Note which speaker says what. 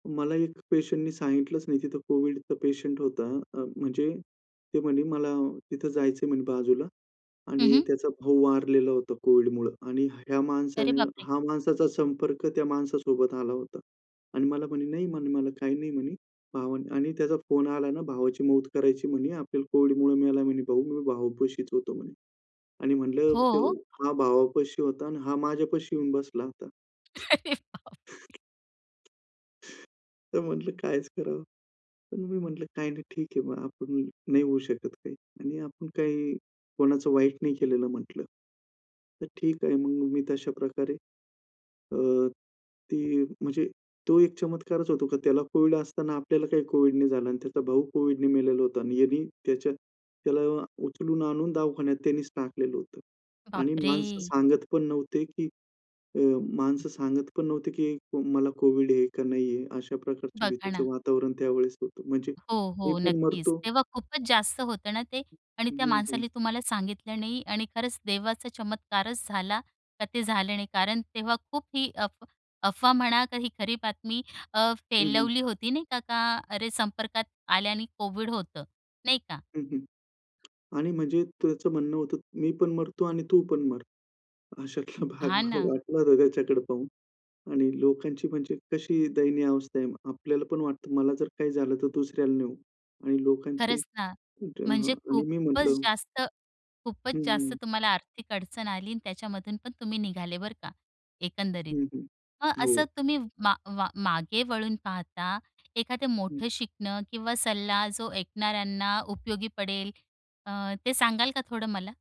Speaker 1: मला एक पेशंटनी सांगितलंच नाही तिथं कोविडचा पेशंट होता. अ, म्हणजे ते म्हणे, "मला तिथं जायचंय," म्हणे, "बाजूला."
Speaker 2: हं,
Speaker 1: आणि
Speaker 2: हं.
Speaker 1: त्याचा भाऊ वारलेला होता कोविडमुळं आणि ह्या
Speaker 2: अरे
Speaker 1: माणसाने
Speaker 2: बापरे!
Speaker 1: हा माणसाचा संपर्क त्या माणसासोबत आला होता. आणि मला म्हणे, "नाही," म्हणे, "मला काही नाही," म्हणी, भाव आणि "त्याचा फोन आला ना भावाची मौत करायची," म्हणी "आपल्याला कोविडमुळे मेला," म्हणे "भाऊ, मी भावपाशीच होतो," म्हणे. आणि म्हटलं,
Speaker 2: हो.
Speaker 1: "हा भावापाशी होता." आणि हा माझ्यापाशी येऊन बसला होता.
Speaker 2: अरे बापरे!
Speaker 1: तर म्हंटलं, "काय ह्याच करावं." पण मी म्हंटलं, "काही नाही, ठीक आहे, मग आपण नाही होऊ शकत." आणि "आपण काही कोणाचं वाईट नाही केलेलं," म्हटलं. तर ठीक आहे मग. मी तशा प्रकारे अ, ती म्हणजे तो एक चमत्कारच होतो की त्याला कोविड असताना आपल्याला काही कोविड नाही झालं आणि त्याचा भाऊ कोविडने मेलेला होता आणि यांनी त्याच्या त्याला उचलून आणून दवाखान्यात त्यानीच टाकलेलं होते. आणि माणसं
Speaker 2: बापरे!
Speaker 1: सांगत पण नव्हते की अ, माणसं सांगत पण नव्हते की मला कोव्हिड आहे का नाहीये अशा प्रकारच्या
Speaker 2: बघा
Speaker 1: भीतीचं
Speaker 2: ना
Speaker 1: वातावरण त्यावेळेस होतं. म्हणजे
Speaker 2: हो,
Speaker 1: मी
Speaker 2: हो,
Speaker 1: पण
Speaker 2: नक्कीच.
Speaker 1: मरतो
Speaker 2: तेव्हा खूपच जास्त होतं ना ते आणि त्या
Speaker 1: हं, हं.
Speaker 2: माणसाने तुम्हाला सांगितलं नाही आणि खरंच देवाचा चमत्कारच झाला का ते झालं नाही. कारण तेव्हा खूप ही अफ अफवा म्हणा का ही खरी बातमी अ,
Speaker 1: हं, हं.
Speaker 2: फैलवली होती नाही का, का अरे, संपर्कात आल्याने कोविड होतं. नाही का?
Speaker 1: हं, हं. आणि म्हणजे त्याचं म्हणणं होतं मी पण मरतो आणि तू पण मर. अशातला भाग
Speaker 2: हां
Speaker 1: मला
Speaker 2: ना.
Speaker 1: वाटलं होतं त्याच्याकडे पाहून. आणि लोकांची म्हणजे कशी दयनीय अवस्था आहे. आपल्याला पण वाटतं मला जर काही झालं तर दुसऱ्याला नाही होऊ. आणि लोकांची,
Speaker 2: खरंच ना,
Speaker 1: म्हंटलं, "हां."
Speaker 2: म्हणजे
Speaker 1: आणि मी
Speaker 2: खूपच
Speaker 1: म्हंटलं
Speaker 2: जास्त खूपच
Speaker 1: हं,
Speaker 2: जास्त
Speaker 1: हं.
Speaker 2: तुम्हाला आर्थिक अडचण आली आणि त्याच्यामधून पण तुम्ही निघाले बरं का, एकंदरीत.
Speaker 1: हं, हं.
Speaker 2: मग असं
Speaker 1: हो.
Speaker 2: तुम्ही मा मा मागे वळून पाहता एखादं
Speaker 1: हं.
Speaker 2: मोठं शिकणं किंवा सल्ला जो ऐकणाऱ्यांना उपयोगी पडेल अ, ते सांगाल का थोडं मला?